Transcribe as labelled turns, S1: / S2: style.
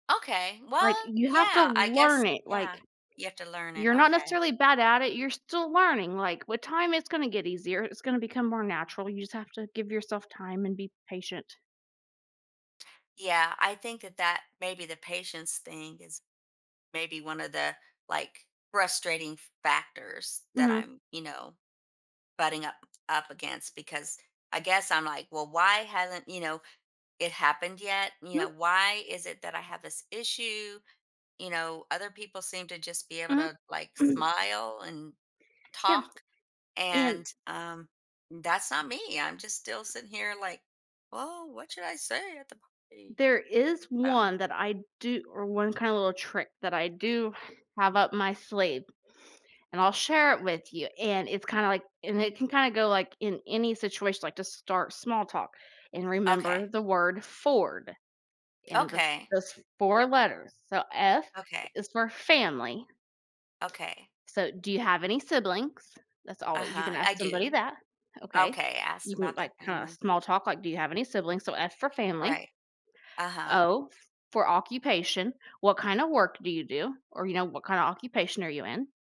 S1: Okay, well,
S2: Like, you have to
S1: yeah, I
S2: learn
S1: guess
S2: it,
S1: yeah,
S2: like,
S1: you have to learn it.
S2: you're not
S1: Okay.
S2: necessarily bad at it, you're still learning, like, with time, it's gonna get easier, it's gonna become more natural, you just have to give yourself time and be patient.
S1: Yeah, I think that that maybe the patience thing is maybe one of the, like, frustrating factors that
S2: Mhm.
S1: I'm, you know, butting up up against because I guess I'm like, "Well, why hasn't, you know, it happened yet? You
S2: Hmm.
S1: know, why is it that I have this issue?" You know, other people seem to just be able
S2: Mhm.
S1: to, like,
S2: Mm.
S1: smile and
S2: Yeah.
S1: talk,
S2: And
S1: and, um, that's not me, I'm just still sitting here, like, "Woah, what should I say at the party?"
S2: There is
S1: Um
S2: one that I do or one kinda little trick that I do have up my sleeve, and I'll share it with you, and it's kinda, like and it can kinda go, like, in any situation, like to start small talk and remember
S1: Okay.
S2: the word FORD and the
S1: Okay.
S2: those 4 letters. So, F
S1: Okay.
S2: is for family.
S1: Okay.
S2: So, "Do you have any siblings?" That's alwa you can
S1: Uh-huh. I
S2: ask somebody
S1: do.
S2: that, okay?
S1: Okay.
S2: You
S1: Ask
S2: can,
S1: about their
S2: like, kinda
S1: family.
S2: small talk, like, "Do you have any siblings?" So, F for family.
S1: Right. Uh-huh.
S2: O for occupation, "What kind of work do you do?" Or, you know, "What kind of occupation are you in?"